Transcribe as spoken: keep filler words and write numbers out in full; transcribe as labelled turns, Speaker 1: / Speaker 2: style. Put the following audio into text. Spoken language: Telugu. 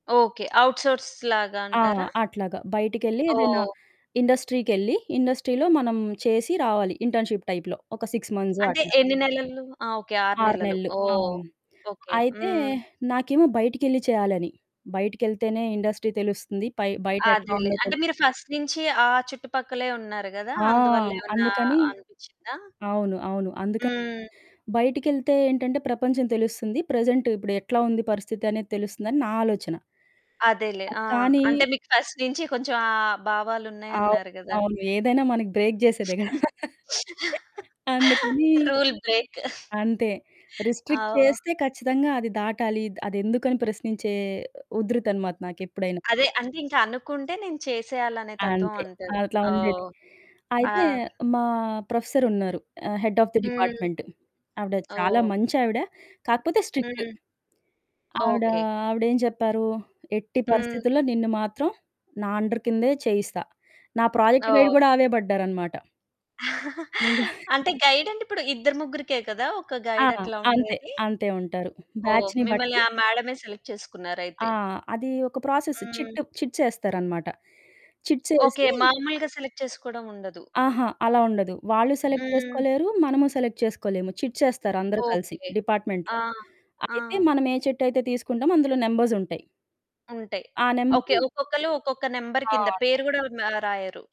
Speaker 1: ఓకె. ఔట్‌సోర్స్ లాగా
Speaker 2: ఆ!
Speaker 1: అంటారా?
Speaker 2: అట్లాగ. బయటికెళ్ళి ఏదైనా
Speaker 1: ఓహ్!
Speaker 2: ఇండస్ట్రీకెళ్లి, ఇండస్ట్రీలో మనం చేసి రావాలి. ఇంటర్న్‌షిప్ టైప్‌లో ఒక సిక్స్ మంత్స్
Speaker 1: అంటే
Speaker 2: అట్లాగ.
Speaker 1: ఎన్ని నెలల్లు. ఆ! ఓకె ఆరు
Speaker 2: ఆరు
Speaker 1: నెలలు.
Speaker 2: నెలలు,
Speaker 1: ఓహ్!
Speaker 2: అవును.
Speaker 1: ఓకె.
Speaker 2: అయితే
Speaker 1: హ్మ్.
Speaker 2: నాకేమో బయటికెళ్ళి చేయాలని, బయటికెళ్తేనే ఇండస్ట్రీ తెలుస్తుంది. పై బయటెట్లా
Speaker 1: అదేలే
Speaker 2: ఉందో
Speaker 1: అంటే
Speaker 2: తెల్
Speaker 1: మీరు ఫస్ట్ నుంచి ఆ చుట్టుపక్కలే ఉన్నారు గదా!
Speaker 2: ఆ!
Speaker 1: అందువల్ల ఏవన్నా
Speaker 2: అందుకని,
Speaker 1: అనిపిచ్చిందా?
Speaker 2: అవును అవును. అందుకని
Speaker 1: హ్మ్.
Speaker 2: బయటికెళ్తే ఏంటంటే ప్రపంచం తెలుస్తుంది. ప్రెజెంట్ ఇప్పుడు ఎట్లా ఉంది పరిస్థితి అనేది తెలుస్తుందని నా ఆలోచన.
Speaker 1: అదేలే.
Speaker 2: ఆహ్,
Speaker 1: ఆ!
Speaker 2: కానీ
Speaker 1: అంటే మీకు ఫస్ట్ నుంచి కొంచెం ఆ భావాలు
Speaker 2: అవును.
Speaker 1: ఉన్నాయన్నారు గదా!
Speaker 2: అవును. ఏదైనా మనకి బ్రేక్ జేసేదెగ. అందుకని,
Speaker 1: రూల్ బ్రేక్
Speaker 2: అంతే
Speaker 1: ఆ!
Speaker 2: రిస్ట్రిక్ట్
Speaker 1: ఒహ్
Speaker 2: చేస్తే ఖచ్చితంగా అది దాటాలి, అది ఎందుకని ప్రశ్నించే ఉదృతనమాట నాకెప్పుడైనా.
Speaker 1: అదే, అంటే ఇంకా అనుకుంటే నేను చేసేయాలి అనే తత్వం
Speaker 2: అంతే,
Speaker 1: అంటారు.
Speaker 2: అట్లా ఉండేది.
Speaker 1: ఓహ్!
Speaker 2: అయితే
Speaker 1: ఆద్
Speaker 2: మా ప్రొఫెసర్ ఉన్నారు. ఆహ్, హెడ్ హాఫ్ ద
Speaker 1: హ్మ్.
Speaker 2: డిపార్ట్‌మెంట్ ఆవిడ చాలా
Speaker 1: ఓహ్!
Speaker 2: మంచి ఆవిడ కాకపోతే స్ట్రిక్ట్.
Speaker 1: హ్మ్.
Speaker 2: ఆవిడ,
Speaker 1: ఓకె.
Speaker 2: ఆవిడ ఏం చెప్పారు, "ఎట్టి
Speaker 1: హ్మ్.
Speaker 2: పరిస్థితుల్లో నిన్ను మాత్రం నా అండర్‌ కిందే చేయిస్తా," నా ప్రాజెక్ట్ గైడ్
Speaker 1: ఓహ్!
Speaker 2: కూడా ఆవే పడ్డారనమాట. ఇంగ
Speaker 1: అంటే గైడ్ అంటే, ఇప్పుడు ఇద్దరు, ముగ్గురికే కదా! ఒక
Speaker 2: ఆ!
Speaker 1: గైడ్ అట్లా
Speaker 2: అంతే,
Speaker 1: ఉండేది.
Speaker 2: అంతే ఉంటారు.
Speaker 1: ఓహ్!
Speaker 2: బాచ్‌ని
Speaker 1: మిమ్మల్ని
Speaker 2: బట్టి.
Speaker 1: ఆ మేడమే సెలెక్ట్ చేసుకున్నారు
Speaker 2: ఆ!
Speaker 1: అయితే.
Speaker 2: అది ఒక ప్రాసెస్
Speaker 1: హ్మ్.
Speaker 2: చిట్ చిట్స్ ఏస్తారనమాట చిట్స్
Speaker 1: ఓకె.
Speaker 2: యేసి
Speaker 1: మాములుగా సెలెక్ట్ చేసుకోవడం ఉండదు.
Speaker 2: ఆహా! అలా ఉండదు. వాళ్ళు సెలెక్ట్
Speaker 1: హ్మ్.
Speaker 2: చేసుకోలేరు. మనము సెలెక్ట్ చేసుకోలేము, చిట్స్ యేస్తారు అందరూ కలిసి
Speaker 1: ఓకె.
Speaker 2: డిపార్ట్‌మెంట్‌లో.
Speaker 1: ఆ! ఆ!
Speaker 2: అయితే మనం ఏ చిట్ అయితే తీసుకుంటామో అందులో నంబర్సుంటాయి.
Speaker 1: ఉంటాయి.
Speaker 2: ఆ!
Speaker 1: ఓకె,
Speaker 2: నంబరు
Speaker 1: ఒక్కొక్కళ్ళు ఒక్కొక్క నంబర్ కింద
Speaker 2: ఆ!
Speaker 1: పేరు గూడా మ రాయరు.